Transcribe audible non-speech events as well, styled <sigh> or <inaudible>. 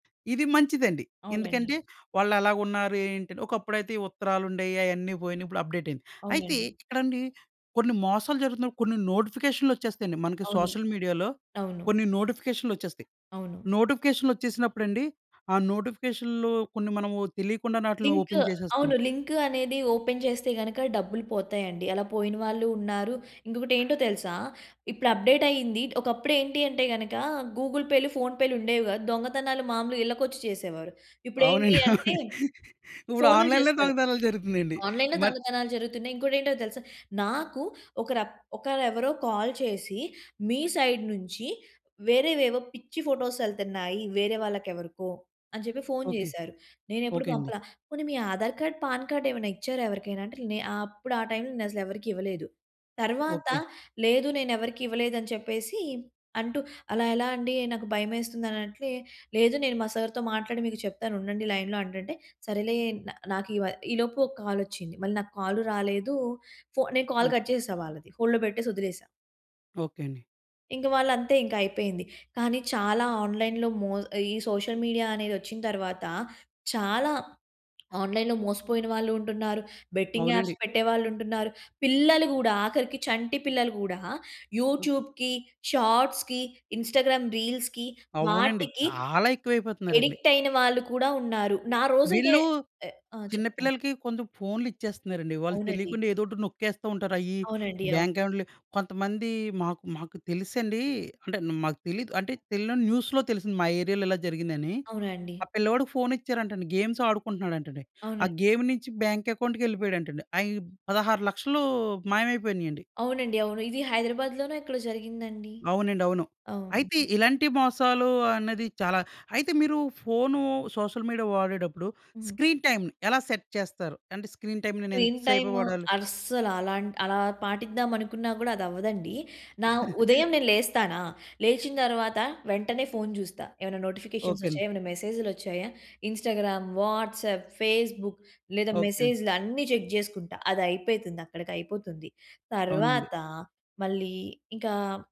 ఇది మంచిదండి. అవునండి. ఎందుకంటే వాళ్లెలా ఉన్నారు, ఏంటి అని. ఒకప్పుడైతే ఈ ఉత్తరాలుండే‌యి. అయన్నీ పోయినాయి. ఇప్పుడు అప్డేట్ అయింది. అయితే అవునండి. ఇక్కడండి కొన్ని మోసాలు జరుగుతున్నాయి, కొన్ని నోటిఫికేషన్లోచ్చేస్తాయి అండి. మనకి అవును. సోషల్ మీడియాలో అవును. కొన్ని నోటిఫికేషన్లోచ్చేస్తాయి. అవును. నోటిఫికేషన్లోచ్చేసినప్పుడండి ఆ నోటిఫికేషన్లు కొన్ని మనము తెలియకుండానే ఆటిలిని లింక్. ఓపెన్ చేసేస్తున్నాం. అవును లింక్ అనేది ఓపెన్ చేస్తే గనక డబ్బులు పోతాయండి. అలా పోయిన వాళ్ళు ఉన్నారు. ఇంకొక‌టెంటో తెలుసా! ఇప్పుడు అప్డేట్ అయ్యింది. ఒకప్పుడు ఏంటి అంటే, గనక గూగుల్ పేలు, ఫోన్ పేలు ఉండేవి కాదు. దొంగతనాలు మామూలుగా ఇళ్ళకొచ్చి చేసేవారు. ఇప్పుడేంటి అవునండి. అంటే ఇప్పుడు ఫోనులు ఆన్‌లైన్‌లో చేస్తారు. దొంగతనలు జరుగుతునయండి. ఆన్‌లైన్‌లో మన్ దొంగతనాలు జరుగుతున్నాయి. ఇంకోటెంటో తెలుసా! నాకు ఒక‌ర ఒక‌రేవరో కాల్ చేసి, "మీ సైడ్ నుంచి వేరేవేవో పిచ్చి ఫోటోస్ ఎళ్తున్నాయి వేరే వాళ్ళకెవరికో," అని చెప్పి ఫోన్ ఓకే. చేసారు. నేనెప్పుడు ఓకే అండి. పంపల. "పోనీ మీ ఆధార్ కార్డ్, పాన్ కార్డ్ ఏమైనా ఇచ్చారా ఎవరికైనా?" అంటే నే అప్పుడు ఆ టైమ్‌లో నేనసలు ఎవరికి ఇవ్వలేదు. తర్వాత, ఓకే. లేదు, నేనెవరికీ ఇవ్వలేదు, అని చెప్పేసి అంటూ అలా ఎలా అండి నాకు భయమేస్తుంది అన్నట్లే. "లేదు, నేను మా సర్‌తో మాట్లాడి మీకు చెప్తానుండండి లైన్‌లో" అంటంటే సరేలే నా నాకు ఇవ ఈలోపు ఓ కాలొచ్చింది. మళ్ళీ నాకు కాల్ రాలేదు. ఫో నేను కాల్ కట్ ఓకే. చేశా వాళ్ళది. హోల్డ్‌లో పెట్టేసొదిలేసా. ఓకే అండి. ఇంకా వాళ్ళంతే ఇంక. అయిపోయింది. కానీ, చాలా ఆన్‌లైన్‌లో మొ ఈ సోషల్ మీడియా అనేదొచ్చిన తరువాత, చాలా ఆన్‌లైన్‌లో మోసపోయిన వాళ్ళు ఉంటున్నారు. బెట్టింగ్ యాప్స్ అవునండి. పెట్టేవాళ్ళు ఉంటున్నారు. పిల్లలు కూడా, ఆఖరికి చంటి పిల్లలు కూడా అ యూట్యూబ్‌కి, షార్ట్స్‌కి, ఇన్స్టాగ్రామ్ రీల్స్‌కి అవునండి. వాటికి చాలా ఎక్కువైపోతున్నారండి. అడిక్ట్ అయిన వాళ్ళు కూడా ఉన్నారు. నా రోజు అయితే వీళ్ళు ఆహ్, ఆ! చిన్న చెప్పండి? పిల్లలకి కొంచెం ఫోనులు ఇచ్చేస్తున్నారండి. వాళ్ళు అవునండి. తెలియకుండా ఏదోటి నొక్కేస్తూ ఉంటారు. అయి అవునండి. బ్యాంక్ అవును. అకౌంట్‌లు కొంతమంది మాకు మాకు తెలుసండి అంటే‌న్ మాకు తెలీదు. అంటే తెలియని న్యూస్‌లో తెలిసింది మా ఏరియా‌లో ఇలా జరిగిందని. అవునండి. ఆ పిల్లవాడికి ఫోన్ ఇచ్చారంటండి, గేమ్స్ ఆడుకుంటున్నాడంటండి. ఆ అవునండి. గేమ్ నుంచి బ్యాంక్ అకౌంట్‌కెళ్ళిపోయాడంటండి. అయి 16,00,000 మాయమైపోయినాయండి. అవునండి, అవును. ఇది హైదరాబాద్‌లోనో ఎక్కడో జరిగిందండి. అవునండి. అవును. అయితే అవును. ఇలాంటి మోసాలు అన్నది చాలా అయితే మీరు ఫోను, సోషల్ మీడియా వాడేటప్పుడు హ్మ్. స్క్రీన్ టైమ్‌ని ఎలా సెట్ చేస్తారు? అంటే, స్క్రీన్ టైమ్‌‌ని నేను ఇంత స్క్రీన్ సేపే టైము వాడాలి. అస్సలు అలాంటి అలా పాటిద్దాం అనుకున్నా కూడా అదవ్వదండి. నా <chuckles> ఉదయం నేను లేస్తానా, లేచిన తర్వాత వెంటనే ఫోన్ చూస్తా, ఎమన్నా నోటిఫికేషన్స్ ఓకేండి. వచ్చాయా! ఏమైనా మెసేజ్‌‌లోచ్చాయా! ఇన్స్టాగ్రామ్, వాట్సాప్, ఫేస్‌బుక్ లేదా ఓకేండి. మెసేజ్‌లన్ని చెక్ చేసుకుంటా అదయిపేతుంది. అక్కడికి అయిపోతుంది. అవునండి. తర్వాత, మళ్ళీ ఇంకా